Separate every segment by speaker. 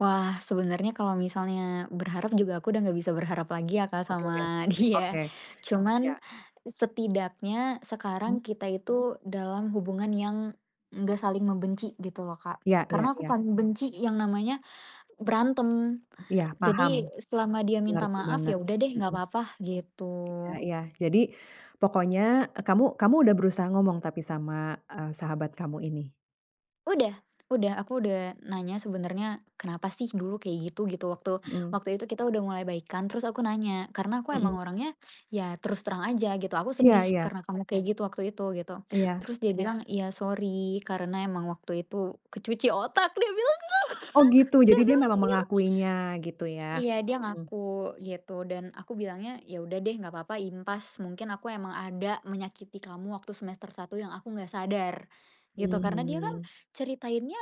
Speaker 1: Wah, sebenarnya kalau misalnya berharap juga aku udah gak bisa berharap lagi ya, Kak
Speaker 2: Oke.
Speaker 1: sama
Speaker 2: Oke.
Speaker 1: dia.
Speaker 2: Iya.
Speaker 1: Cuman setidaknya
Speaker 2: Hmm.
Speaker 1: sekarang kita itu dalam hubungan yang gak saling membenci gitu loh, Kak.
Speaker 2: Iya iya
Speaker 1: Karena aku
Speaker 2: iya.
Speaker 1: paling benci yang namanya berantem.
Speaker 2: Iya, paham.
Speaker 1: Jadi, selama dia minta
Speaker 2: Mengerti
Speaker 1: maaf,
Speaker 2: banget.
Speaker 1: ya udah deh nggak
Speaker 2: Heeh.
Speaker 1: apa-apa gitu.
Speaker 2: Ah, iya. Jadi, pokoknya, e kamu kamu udah berusaha ngomong tapi sama, eee, sahabat kamu ini?
Speaker 1: Udah udah, aku udah nanya sebenernya, "Kenapa sih dulu kayak gitu?" gitu. Waktu
Speaker 2: Mhm.
Speaker 1: waktu itu kita udah mulai baikan, terus aku nanya karena aku
Speaker 2: Mhm.
Speaker 1: emang orangnya ya terus terang aja gitu, "Aku
Speaker 2: Iya
Speaker 1: sedih
Speaker 2: iya.
Speaker 1: karena kamu kayak gitu waktu itu," gitu.
Speaker 2: Iya.
Speaker 1: Terus dia bilang, "Iya, sorry karena emang waktu itu kecuci otak." Dia bilang
Speaker 2: Oh,
Speaker 1: Kak,
Speaker 2: gitu. Jadi,
Speaker 1: dia
Speaker 2: dia
Speaker 1: bilang
Speaker 2: memang
Speaker 1: gitu.
Speaker 2: mengakuinya gitu ya.
Speaker 1: Iya, dia
Speaker 2: Mhm.
Speaker 1: ngaku, gitu dan aku bilangnya, "Ya udah deh. Gak apa-apa, impas. Mungkin aku emang ada menyakiti kamu waktu semester 1 yang aku gak sadar," gitu. Karena dia kan
Speaker 2: Hmm.
Speaker 1: ceritainnya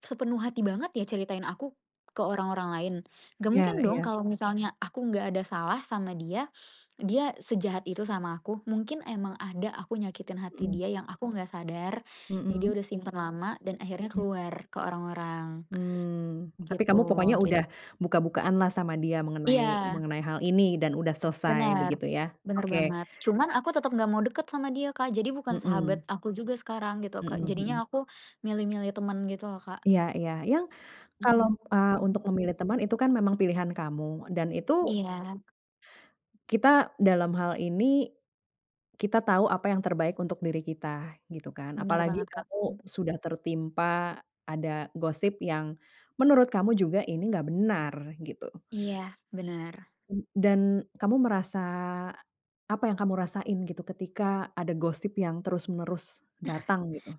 Speaker 1: sepenuh hati banget ya, ceritain aku ke orang-orang lain. Gak
Speaker 2: Iya
Speaker 1: mungkin dong
Speaker 2: iya.
Speaker 1: kalau misalnya aku gak ada salah sama dia, dia sejahat itu sama aku. Mungkin emang ada aku nyakitin hati
Speaker 2: Mhm.
Speaker 1: dia yang aku gak sadar, yang dia
Speaker 2: Mhm.
Speaker 1: udah simpen lama dan akhirnya
Speaker 2: Mhm.
Speaker 1: keluar ke orang-orang
Speaker 2: Hmm. tapi kamu pokoknya
Speaker 1: gitu.
Speaker 2: udah
Speaker 1: Jadi
Speaker 2: buka-bukaan lah sama dia mengenai
Speaker 1: Iya.
Speaker 2: mengenai hal ini dan udah selesai
Speaker 1: Bener,
Speaker 2: begitu ya?
Speaker 1: bener
Speaker 2: Oke.
Speaker 1: banget. Cuman aku tetep gak mau deket sama dia, Kak. Jadi, bukan sahabat
Speaker 2: Mhm.
Speaker 1: aku juga sekarang, gitu Kak.
Speaker 2: Mhm
Speaker 1: Jadinya
Speaker 2: mhm.
Speaker 1: aku milih-milih temen gitu loh, Kak.
Speaker 2: Iya iya, yang kalo,
Speaker 1: Mhm
Speaker 2: eee, untuk
Speaker 1: mhm mhm.
Speaker 2: memilih teman itu kan memang pilihan kamu dan itu
Speaker 1: Iya.
Speaker 2: kita dalam hal ini, kita tau apa yang terbaik untuk diri kita, gitu kan.
Speaker 1: Bener
Speaker 2: Apalagi
Speaker 1: banget, Kak.
Speaker 2: kamu
Speaker 1: Mhm.
Speaker 2: sudah tertimpa ada gosip yang menurut kamu juga ini gak benar, gitu.
Speaker 1: Iya, bener.
Speaker 2: E dan, kamu merasa apa yang kamu rasain gitu ketika ada gosip yang terus menerus datang, gitu?